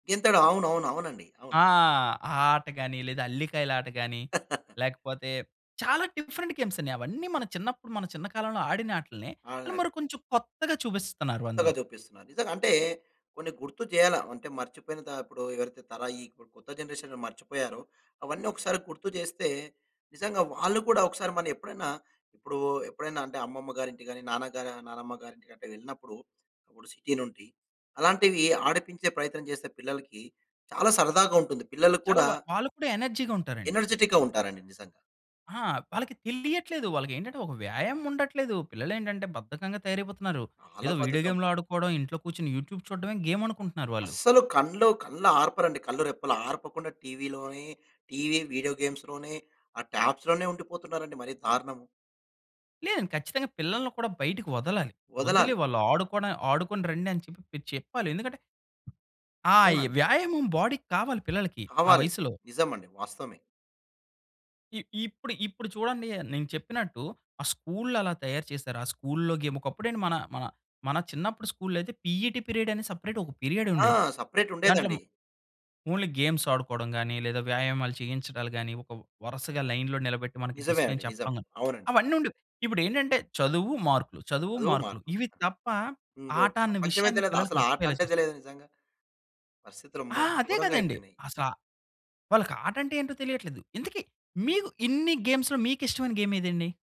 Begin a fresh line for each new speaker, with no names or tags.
గెంతడం. అవునవునవునండి. అవును.
ఆ! ఆ ఆట గాని లేదా అల్లికాయలు ఆట గాని లేకపోతే చాలా డిఫరెంట్ గేమ్సన్ని. అవన్నీ మన చిన్నప్పుడు మన చిన్న కాలంలో ఆడిన ఆటల్నే.
అలా.
మరి కొంచెం కొత్తగా చూపిస్తున్నారు
కొత్తగా
అందులో.
జుపిస్తున్నారు. నిజంగా అంటే కొన్ని గుర్తు చేయాల అంటే, మర్చిపోయితప్పుడు ఎవరైతే తరాయి కొత్త జనరేషన్ మర్చిపోయారో అవన్నీ ఒకసారి గుర్తు చేస్తే, నిజంగా వాళ్ళు కూడా ఒకసారి మనం ఎప్పుడైనా ఇప్పుడు ఎప్పుడైనా అంటే అమ్మమ్మ గారి ఇంటి గాని, నాన్న గాని నాన్నమ్మ గారి ఇంటికట్టా వెళ్ళినప్పుడు ఇపుడు సిటీ నుండి అలాంటివి ఆడిపించే ప్రయత్నం చేసే పిల్లలకి చాలా సరదాగా ఉంటుంది. పిల్లలు
చాలా
కూడా
వా వాళ్ళు కూడా ఎనర్జీగుంటారండి.
ఎనర్జిటిక్‌గా ఉంటారండి నిజంగా!
ఆ! వాళ్ళకి తెలియట్లేదు. వాళ్ళకేంటంటే ఒక వ్యాయామముండట్లేదు. పిల్లలేంటంటే బద్ధకంగా తయారైపోతున్నారు.
చాలా
ఏదో వీడియో
బద్ధకం.
గేమ్లు ఆడుకోడం ఇంట్లో కూర్చొని యూట్యూబ్ చూడ్డమే గేమ్ అనుకుంటున్నారు వాళ్ళు.
అస్సలు కళ్ళు కళ్ళార్పరండి కళ్ళు రెప్పలు ఆర్పకుండా టీవీలోనే, టీవీ వీడియో గేమ్స్‌లోనే ఆ ట్యాబ్స్‌లోనే ఉండిపోతున్నారండి మరి దారుణము.
లేదండి. ఖచ్చితంగా పిల్లల్ని కూడా బయటికి వదలాలి. వదిలీ
వదలాలి.
వాళ్ళు ఆడుకోని ఆడుకొని రండి అని చెప్పి మీరు చెప్పాలి. ఎందుకంటే, ఆ! ఈ
అవునండి.
వ్యాయామం బాడీకి కావాలి పిల్లలకి ఆ
కావాలి.
వయసులో.
నిజమండి. వాస్తవమే.
ఇ ఇప్పుడు ఇప్పుడు చూడండి, నేను చెప్పినట్టు ఆ స్కూళ్లు అలా తయారు చేశారు. ఆ స్కూలులో గేమ్ ఒకప్పుడేంటి మన మన మన చిన్నప్పుడు స్కూలులైయితే పిఈటి పీరియడ్ అనే సెపరేట్ ఒక పీరియడ్
ఆ!
ఉండేది.
సెపరేట్
దాంట్లో
ఉండేదండి.
ఓన్లీ గేమ్స్ ఆడుకోవడం గాని, లేదా వ్యాయామాలు చేయించడాలు గాని, ఒక వరుసగా లైన్‌లొ నిలబెట్టి, మనకి
నిజమే అండి.
డిసిప్లిన్
నిజం.
చెప్పడం గాని
అవునండి.
అవన్నీ ఉండేవి. ఇప్పుడేంటంటే చదువు మార్కులు. చదువు
అదో
మార్కులు.
మార్పు.
ఇవి తప్ప
ఇంకో
ఆట అనే
ప్రపంచమే
విషయాన్ని
తెలీదు.
పిల్లలకి
అసలు ఆట
మర్చిపోయేలా
అంటే
చేసా
తెలీదు నిజంగా. పరిస్థితులు
ఆ!
అమ్మో!
అదే కదండి.
గోరంగయిపోయినియి.
అసల, వాళ్ళకి ఆట అంటే ఏంటో తెలియట్లేదు. ఇంతకి మీకు ఇన్ని గేమ్స్‌లో మీకిష్టమైన గేమ్ ఏదండి?